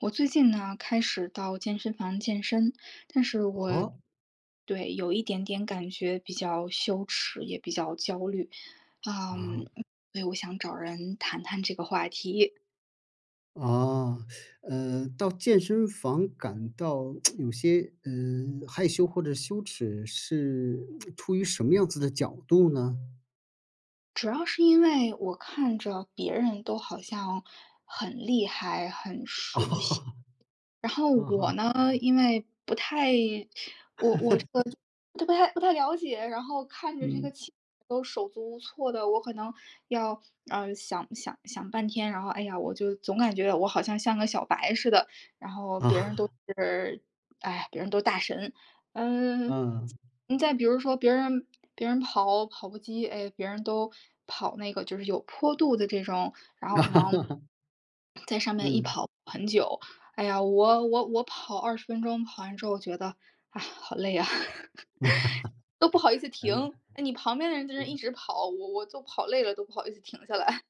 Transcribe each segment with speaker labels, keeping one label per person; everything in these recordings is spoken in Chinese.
Speaker 1: 我最近呢，开始到健身房健身，但是我
Speaker 2: 哦？
Speaker 1: 对，有一点点感觉比较羞耻，也比较焦虑，
Speaker 2: 啊。
Speaker 1: 嗯，对，我想找人谈谈这个话题。
Speaker 2: 啊，呃，到健身房感到 有些，嗯，害羞或者羞耻是 出于什么样子的角度呢？
Speaker 1: 主要是因为我看着别人都好像很厉害、很熟悉，然 后
Speaker 2: 啊
Speaker 1: 我
Speaker 2: 哈。
Speaker 1: 呢，因为不太 我我这个都不太不太了解，然后看着这个
Speaker 2: 嗯。
Speaker 1: 器材都手足无措的，我可能要，呃，想想想半天，然后，哎呀，我就总感觉我好像像个小白似的，然后别人都 是哎，别人都大神。嗯，
Speaker 2: 嗯。
Speaker 1: 再再比如说别人别人跑跑步机，哎，别人都跑那个就是有坡度的这种，然后可能 在上面一
Speaker 2: 嗯。
Speaker 1: 跑很久。哎呀，我我我跑20分钟，跑完之后觉得，哎，好累啊，都不好意思
Speaker 2: 嗯。
Speaker 1: 停，哎，你旁边的人在那一
Speaker 2: 嗯。
Speaker 1: 直跑，我我就跑累了，都不好意思停下来。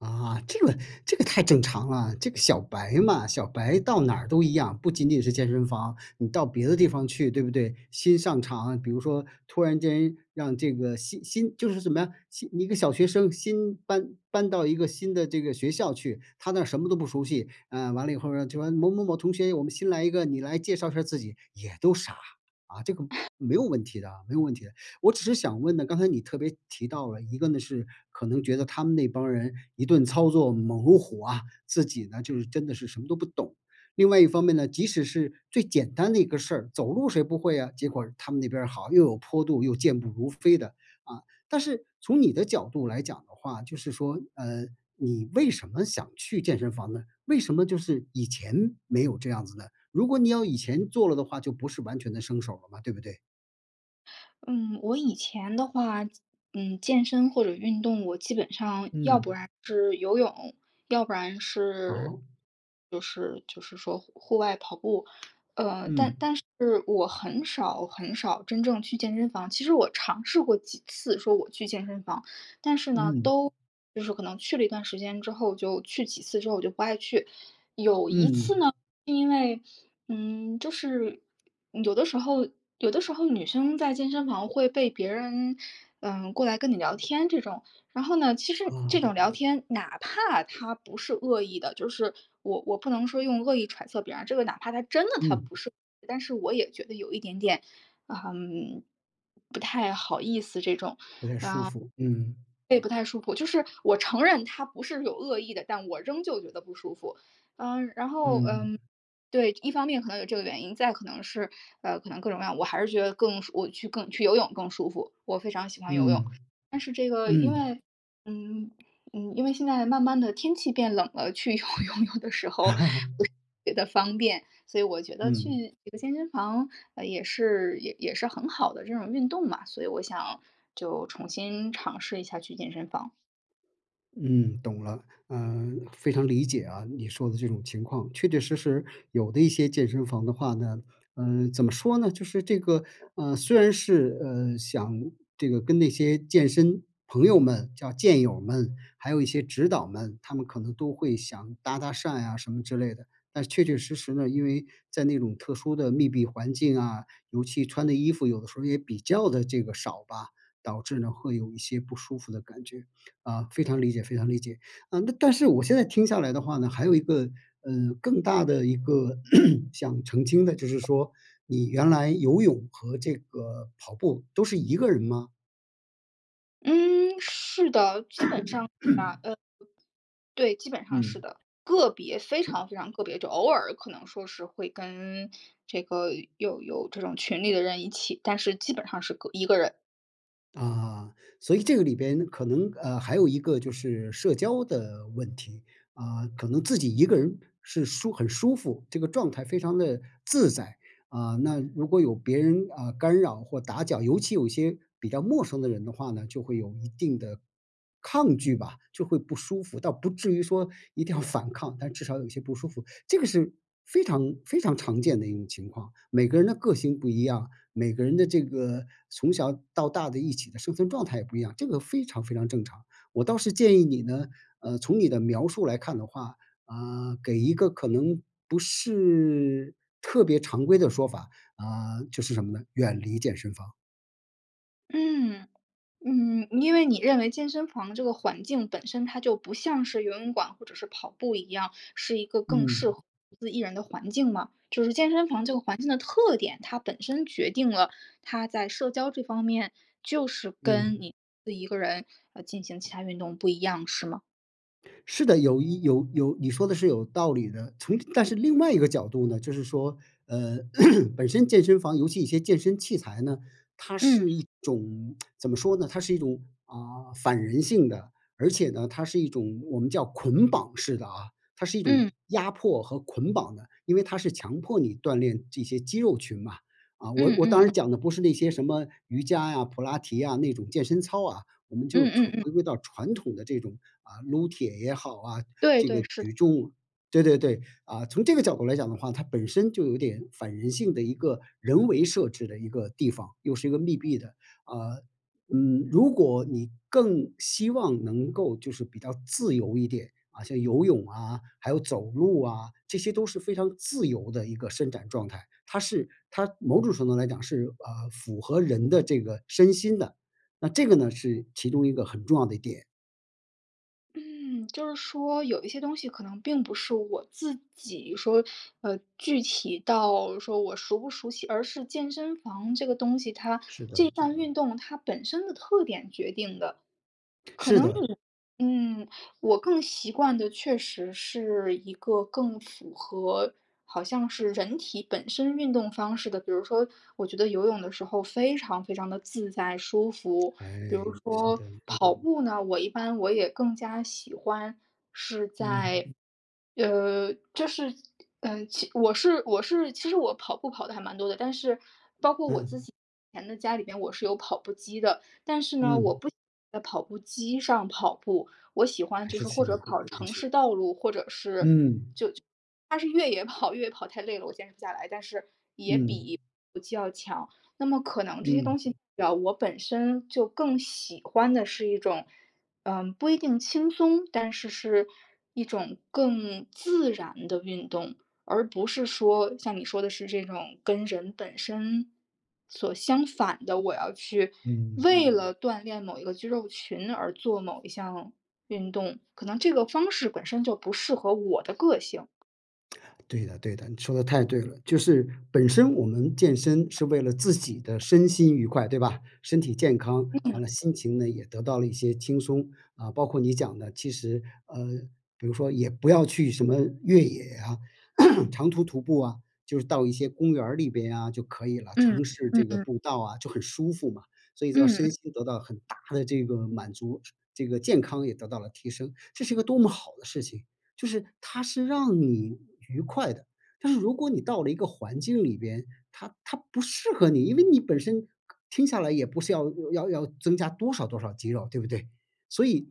Speaker 2: 啊，这个这个太正常了，这个小白嘛，小白到哪儿都一样，不仅仅是健身房，你到别的地方去对不对？新上场，比如说突然间让这个新新就是什么呀，新一个小学生新搬搬到一个新的这个学校去，他那儿什么都不熟悉啊，呃，完了以后呢，就完了某某某同学，我们新来一个，你来介绍一下儿自己，也都傻，啊，这个 没有问题的没有问题的。我只是想问呢，刚才你特别提到了，一个呢是可能觉得他们那帮人一顿操作猛如虎啊，自己呢，就是真的是什么都不懂。另外一方面呢，即使是最简单的一个事儿，走路谁不会啊，结果他们那边儿好，又有坡度又健步如飞的，啊。但是从你的角度来讲的话，就是说，嗯，你为什么想去健身房呢？为什么就是以前没有这样子呢？如果你要以前做了的话，就不是完全的生手了嘛，对不对？
Speaker 1: 嗯，我以前的话，健嗯，健身或者运动，我基本上，要不然
Speaker 2: 嗯。
Speaker 1: 是游泳，要不然是
Speaker 2: 哦。
Speaker 1: 就是就是说户户外跑步，呃，但
Speaker 2: 嗯。
Speaker 1: 但是我很少很少真正去健身房，其实我尝试过几次说我去健身房，但是呢，
Speaker 2: 嗯。
Speaker 1: 都就是可能去了一段时间之后，就去几次之后我就不爱去。有一次呢
Speaker 2: 嗯。
Speaker 1: 是因为，嗯，就是有的时候有的时候女生在健身房会被别人，呃，过来跟你聊天这种，然后呢，其实这种
Speaker 2: 哦。
Speaker 1: 聊天，哪怕他不是恶意的就是我我不能说用恶意揣测别人，这个哪怕他真的他
Speaker 2: 嗯。
Speaker 1: 不是，但是我也觉得有一点点，嗯，不太好意思这种，啊，
Speaker 2: 不太舒服，嗯。
Speaker 1: 对，不太舒服。就是我承认他不是有恶意的，但我仍旧觉得不舒服。嗯，然后，
Speaker 2: 嗯。
Speaker 1: 嗯，对，一方面可能有这个原因，再可能是，呃，可能各种各样，我还是觉得更我去更去游泳更舒服，我非常喜欢游泳，
Speaker 2: 嗯，
Speaker 1: 但是这个因
Speaker 2: 嗯。
Speaker 1: 为嗯，嗯，因为现在慢慢地天气变冷了，去游泳有的时候不是 觉得方便，所以我觉得去
Speaker 2: 嗯。
Speaker 1: 这个健身房，呃，也是也也是很好的这种运动嘛，所以我想就重新尝试一下去健身房。
Speaker 2: 嗯，懂了，嗯，非常理解啊你说的这种情况。确确实实，有的一些健身房的话呢，嗯，怎么说呢？就是这个，呃，虽然是，呃，想这个跟那些健身朋友们，叫健友们，还有一些指导们，他们可能都会想搭搭讪啊什么之类的。但确确实实呢，因为在那种特殊的密闭环境啊，尤其穿的衣服有的时候也比较的这个少吧，导致呢，会有一些不舒服的感觉，啊，非常理解非常理解。啊，那但是我现在听下来的话呢，还有一个，呃，更大的一个 想澄清的，就是说你原来游泳和这个跑步都是一个人吗？
Speaker 1: 嗯，是的，基本上是吧，呃对，基本上是
Speaker 2: 嗯。
Speaker 1: 的，个别，非
Speaker 2: 嗯。
Speaker 1: 常非常个别，就偶尔可能说是会跟这个有有这种群里的人一起，但是基本上是个一个人。
Speaker 2: 啊，所以这个里边可能，呃，还有一个就是社交的问题。啊，可能自己一个人是舒很舒服，这个状态非常地自在，啊，那如果有别人，啊，干扰或打搅，尤其有些比较陌生的人的话呢，就会有一定的抗拒吧，就会不舒服，倒不至于说一定要反抗，但至少有一些不舒服，这个是非常非常常见的一种情况。每个人的个性不一样，每个人的这个从小到大的一起的生存状态也不一样，这个非常非常正常。我倒是建议你呢，呃，从你的描述来看的话，啊，给一个可能不是特别常规的说法，啊，就是什么呢？远离健身房。
Speaker 1: 嗯，嗯，因为你认为健身房这个环境，本身它就不像是游泳馆或者是跑步一样，是一个更
Speaker 2: 嗯。
Speaker 1: 适合独自一人的环境吗？就是健身房这个环境的特点，它本身决定了它在社交这方面，就是跟
Speaker 2: 嗯。
Speaker 1: 你自己一个人，呃，进行其他运动不一样是吗？
Speaker 2: 是的，有一有有你说得是有道理的，从但是另外一个角度呢，就是说，嗯，本身健身房尤其一些健身器材呢，它
Speaker 1: 嗯。
Speaker 2: 是一种 怎么说呢？它是一种，啊，反人性的，而且呢，它是一种我们叫捆绑式的啊，它是一种
Speaker 1: 嗯。
Speaker 2: 压迫和捆绑的，因为它是强迫你锻炼这些肌肉群嘛。啊，我
Speaker 1: 嗯，
Speaker 2: 我当
Speaker 1: 嗯。
Speaker 2: 然讲的不是那些什么瑜伽呀、普拉提啊那种健身操啊，我们
Speaker 1: 嗯，
Speaker 2: 就
Speaker 1: 嗯，
Speaker 2: 传
Speaker 1: 嗯。
Speaker 2: 回归到传统的这种，啊，撸铁也好啊，
Speaker 1: 对，
Speaker 2: 这
Speaker 1: 对，
Speaker 2: 个
Speaker 1: 是的。
Speaker 2: 举重对，对，对，啊，从这个角度来讲的话，它本身就有点反人性的一个人为设置的一个地方，又是一个密闭的，啊。嗯，如果你更希望能够就是比较自由一点，啊，像游泳啊，还有走路啊，这些都是非常自由的一个伸展状态，它是它某种程度来讲是，呃，符合人的这个身心的，那这个呢是其中一个很重要的点。
Speaker 1: 嗯，就是说有一些东西可能并不是我自己说呃，具体到说我熟不熟悉，而是健身房这个东西它，
Speaker 2: 是
Speaker 1: 这
Speaker 2: 的。
Speaker 1: 项运动它本身的特点决定的。
Speaker 2: 是的。
Speaker 1: 可能，嗯，我更习惯的确实是一个更符合，好像是人体本身运动方式的，比如说，我觉得游泳的时候非常非常地自在舒服。比
Speaker 2: 哎，
Speaker 1: 如
Speaker 2: 是
Speaker 1: 说
Speaker 2: 的。
Speaker 1: 跑步呢，我一般我也更加喜欢是
Speaker 2: 嗯。
Speaker 1: 在，呃，就是，呃，其我是我是其实我跑步跑得还蛮多的，但是包括我自
Speaker 2: 嗯。
Speaker 1: 己以前的家里边我是有跑步机的，但是呢，我
Speaker 2: 嗯。
Speaker 1: 不喜欢在跑步机上跑步，我喜欢
Speaker 2: 还
Speaker 1: 就
Speaker 2: 是
Speaker 1: 是或者
Speaker 2: [unintelligible]
Speaker 1: 跑
Speaker 2: 进
Speaker 1: 城
Speaker 2: 去。
Speaker 1: 市道路，或者是就
Speaker 2: 嗯。
Speaker 1: 它是越野跑，越野跑太累了，我坚持不下来，但是也
Speaker 2: 嗯。
Speaker 1: 比跑步机要强。那么可能这些东
Speaker 2: 嗯。
Speaker 1: 西啊，我本身就更喜欢的是一种嗯，不一定轻松，但是是一种更自然的运动，而不是说，像你说的是这种跟人本身所相反的，我要去
Speaker 2: 嗯。
Speaker 1: 为了锻炼某一个肌肉群而做某一项运动，可能这个方式本身就不适合我的个性。
Speaker 2: 对的，对的，你说得太对了，就是本身我们健身是为了自己的身心愉快，对吧？身体健康，
Speaker 1: 嗯。
Speaker 2: 完了心情呢也得到了一些轻松，啊，包括你讲的其实，呃比如说也不要去什么越野啊、长途徒步啊，就是到一些公园儿里边啊就可以了，
Speaker 1: 嗯，
Speaker 2: 城市
Speaker 1: 嗯，
Speaker 2: 这个
Speaker 1: 嗯。
Speaker 2: 步道啊就很舒服嘛。所以说
Speaker 1: 嗯，
Speaker 2: 身
Speaker 1: 嗯。
Speaker 2: 心得到很大的这个满足，这个健康也得到了提升，这是一个多么好的事情。就是它是让你愉快的，但是如果你到了一个环境里边，它它不适合你，因为你本身听下来也不是要要要增加多少多少肌肉对不对？所以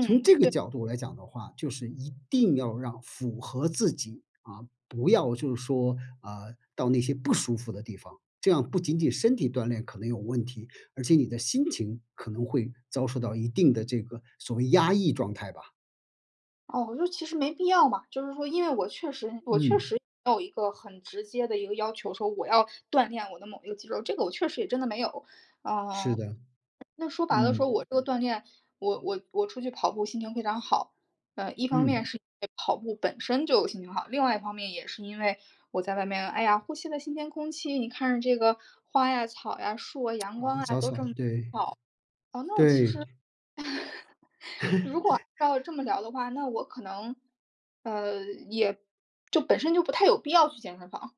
Speaker 2: 从这个
Speaker 1: 对。
Speaker 2: 角度来讲的话，就是一定要让符合自己，啊，不要就是说，啊，到那些不舒服的地方，这样不仅仅身体锻炼可能有问题，而且你的心情可能会遭受到一定的这个所谓压抑状态吧。
Speaker 1: 哦，就是其实没必要嘛，就是说因为我确实我确
Speaker 2: 嗯。
Speaker 1: 实没有一个很直接的一个要求，说我要锻炼我的某一个肌肉，这个我确实也真的没有。
Speaker 2: 是
Speaker 1: 呃，
Speaker 2: 的，
Speaker 1: 那说白了说
Speaker 2: 嗯。
Speaker 1: 我这个锻炼，我我我出去跑步心情非常好，呃，一方面
Speaker 2: 嗯。
Speaker 1: 是因为跑步本身就心情好，另外一方面也是因为我在外面，哎呀，呼吸了新鲜空气，你看着这个花呀、草呀、树啊、阳光
Speaker 2: 哦，
Speaker 1: 啊
Speaker 2: 早
Speaker 1: 都
Speaker 2: 草，
Speaker 1: 这么
Speaker 2: 对，
Speaker 1: 好，那我其实
Speaker 2: 对。
Speaker 1: 如果 要这么聊的话，那我可能，呃，也，就本身就不太有必要去健身房。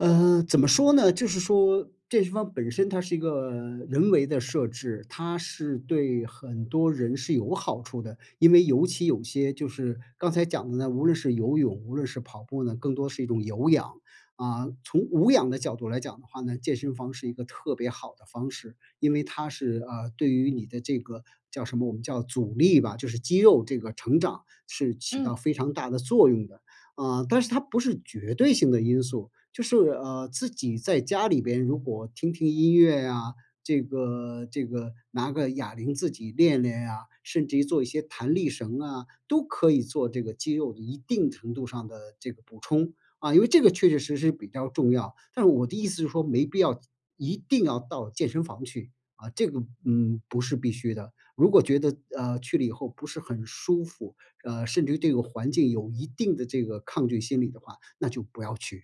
Speaker 2: 嗯，怎么说呢？就是说健身房本身，它是一个人为的设置，它是对很多人是有好处的，因为尤其有些就是刚才讲的呢，无论是游泳，无论是跑步呢，更多是一种有氧，啊。从无氧的角度来讲的话呢，健身房是一个特别好的方式，因为它是，呃，对于你的这个叫什么，我们叫阻力吧，就是肌肉这个成长，是起
Speaker 1: 嗯。
Speaker 2: 到非常大的作用的。啊，但是它不是绝对性的因素，就是，呃，自己在家里边如果听听音乐啊，这个这个拿个哑铃自己练练呀，甚至于做一些弹力绳啊，都可以做这个肌肉一定程度上的这个补充，啊，因为这个确确实实比较重要。但是我的意思是说，没必要一定要到健身房去，啊，这个，嗯，不是必须的。如果觉得，呃，去了以后不是很舒服，呃，甚至于对环境有一定的这个抗拒心理的话，那就不要去。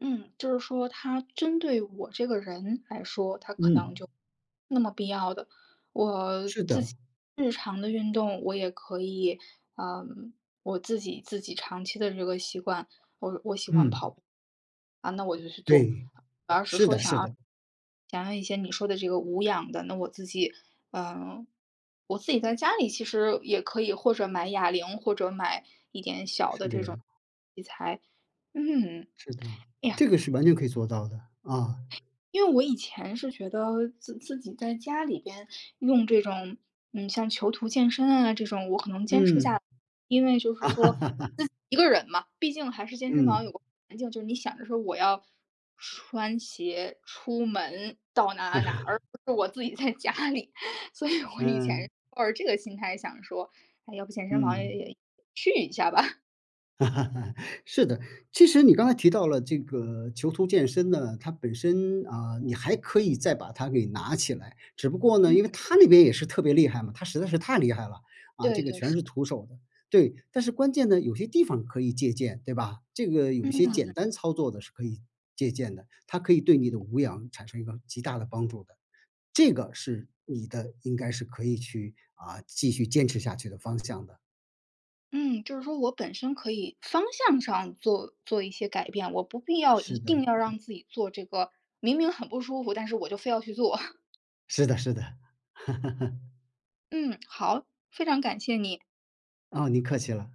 Speaker 1: 嗯，就是说它针对我这个人来说，它可能就
Speaker 2: 嗯。
Speaker 1: 没那么必要的，我
Speaker 2: 是
Speaker 1: 自
Speaker 2: 的。
Speaker 1: 己日常的运动我也可以嗯，我自己自己长期的这个习惯，我我喜欢跑
Speaker 2: 嗯。
Speaker 1: 步，啊那我就去做，
Speaker 2: 对，
Speaker 1: 我要是
Speaker 2: 是
Speaker 1: 说
Speaker 2: 的，
Speaker 1: 想
Speaker 2: 是
Speaker 1: 要
Speaker 2: 的。
Speaker 1: 想要一些你说的这个无氧的，那我自己，呃，我自己在家里其实也可以或者买哑铃或者买一点小
Speaker 2: 是
Speaker 1: 的
Speaker 2: 的
Speaker 1: 这
Speaker 2: 呀。
Speaker 1: 种器材。嗯，
Speaker 2: 是的，
Speaker 1: 哎呀，
Speaker 2: 这个是完全可以做到的，啊。
Speaker 1: 因为我以前是觉得，自自己在家里边用这种嗯，像囚徒健身啊这种我可能坚持不下
Speaker 2: 嗯。
Speaker 1: 来，因为就是说自己 一个人嘛，毕竟还是健身房
Speaker 2: 嗯。
Speaker 1: 有个环境，就是你想着说我要穿鞋出门到哪儿哪儿，而 不是我自己在家里，所以我以
Speaker 2: 嗯。
Speaker 1: 前抱着这个心态想说，那要不健身房也
Speaker 2: 嗯。
Speaker 1: 也去一下吧。
Speaker 2: 是的，其实你刚才提到了这个囚徒健身呢，它本身啊，你还可以再把它给拿起来，只不过呢，因为
Speaker 1: 嗯。
Speaker 2: 它那边也是特别厉害嘛，它实在是太厉害了，啊，
Speaker 1: 对，
Speaker 2: 这个
Speaker 1: 对，
Speaker 2: 全
Speaker 1: 是的。
Speaker 2: 是徒手的，对。但是关键呢，有些地方可以借鉴对吧，这个有些
Speaker 1: 嗯。
Speaker 2: 简单操作的是可以借鉴的，它可以对你的无氧产生一个极大的帮助的，这个是你的应该是可以去，啊，继续坚持下去的方向的。
Speaker 1: 嗯，就是说我本身可以方向上做做一些改变，我不必要一
Speaker 2: 是的。
Speaker 1: 定要让自己做这个明明很不舒服，但是我就非要去做。
Speaker 2: 是的，是的。
Speaker 1: 嗯，好，非常感谢你。
Speaker 2: 啊，您客气了。